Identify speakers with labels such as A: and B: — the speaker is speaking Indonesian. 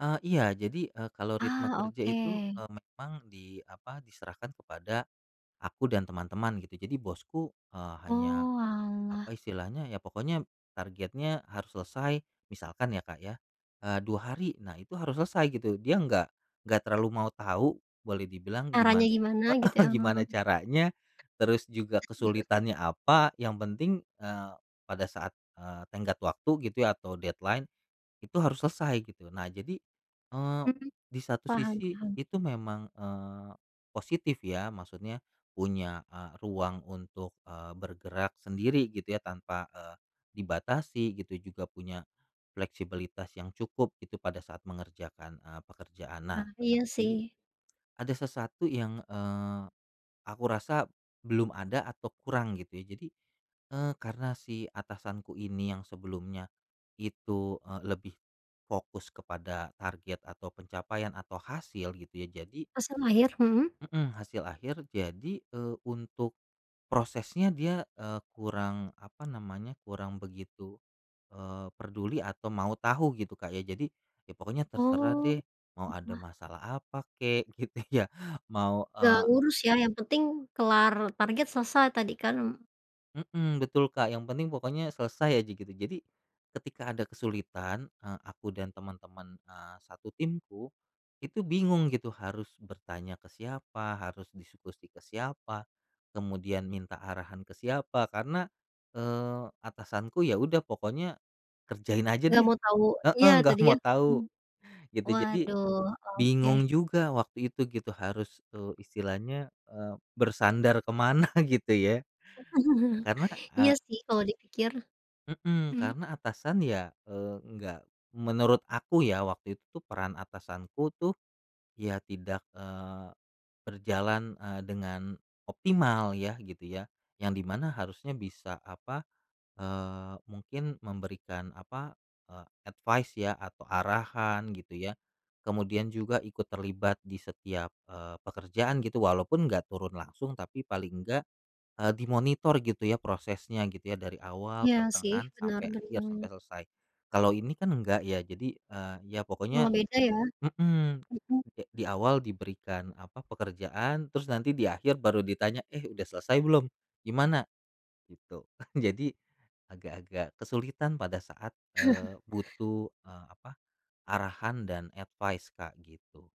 A: Eee, iya jadi, eee, kalau ritme
B: Ah
A: kerja itu,
B: oke.
A: eee, memang di apa diserahkan kepada aku dan teman-teman gitu, jadi bosku, eee, hanya apa
B: Oalah.
A: istilahnya, ya pokoknya targetnya harus selesai misalkan ya Kak ya, eee, 2 hari, nah itu harus selesai gitu, Dia nggak nggak terlalu mau tahu boleh dibilang
B: Caranya
A: giman
B: gimana gitu ya,
A: heeh,
B: heeh.
A: gimana caranya, terus juga kesulitannya apa yang penting, eee, pada saat, eee, tenggat waktu gitu ya atau deadline, itu harus selesai gitu. Nah jadi, eee,
B: Mhm.
A: di satu
B: Paham
A: sisi
B: paham.
A: itu memang, eee, positif ya, maksudnya punya, eee, ruang untuk, eee, bergerak sendiri gitu ya tanpa, eee, dibatasi, gitu juga punya fleksibilitas yang cukup gitu pada saat mengerjakan, eee, pekerjaan. Nah
B: Ah iya
A: tetapi,
B: sih.
A: ada sesuatu yang, eee, aku rasa belum ada atau kurang gitu ya. Jadi, eee, karena si atasanku ini yang sebelumnya itu, eee, lebih fokus kepada target atau pencapaian atau hasil gitu ya jadi
B: Hasil akhir, mhm.
A: Mhm, hasil akhir jadi, eee, untuk prosesnya dia, eee, kurang apa namanya, kurang begitu, eee, perduli atau mau tahu gitu Kak, ya jadi ya pokoknya terserah deh,
B: Oh.
A: mau ada
B: Wah.
A: masalah apa kek gitu ya, mau,
B: Gak
A: eee
B: ngurus ya, yang penting kelar target selesai tadi kan.
A: Mhm, betul Kak, yang penting pokoknya selesai aja gitu, jadi ketika ada kesulitan, eee, aku dan teman-teman, eee, satu timku, itu bingung gitu harus bertanya ke siapa, harus diskusi ke siapa kemudian minta arahan ke siapa karena, eee, atasanku ya udah pokoknya kerjain aja
B: Gak
A: deh.
B: mau tau, iya
A: Heeh nggak
B: tadi ya.
A: mau tahu,
B: Mmm.
A: gitu, jadi
B: Waduh, oke.
A: bingung juga waktu itu gitu harus, eee, istilahnya, eee, bersandar ke mana gitu ya, karena
B: Iya
A: a
B: sih kalau dipikir.
A: Mhm,
B: Mhm.
A: karena atasan ya, eee, nggak menurut aku ya, waktu itu peran atasanku tuh, ya tidak, eee, berjalan, eee, dengan optimal ya gitu ya, yang di mana harusnya bisa apa, eee, mungkin memberikan apa, eee, advice ya atau arahan gitu ya. Kemudian juga ikut terlibat di setiap, eee, pekerjaan gitu walaupun gak turun langsung, tapi paling enggak, eee, dimonitor gitu ya prosesnya gitu ya dari awal,
B: Iya sih
A: pertengahan,
B: benar
A: sampai akhir, sampai
B: bener.
A: selesai. Kalau ini kan enggak ya, jadi, eee, ya
B: Malah
A: pokoknya
B: beda ya.
A: mhm,
B: Mhm.
A: eee, kek di awal diberikan apa, pekerjaan, terus nanti di akhir baru ditanya, "Eh udah selesai belum? Gimana?" gitu. Jadi agak-agak kesulitan pada saat, eee, butuh, eee, apa, arahan dan advice Kak gitu.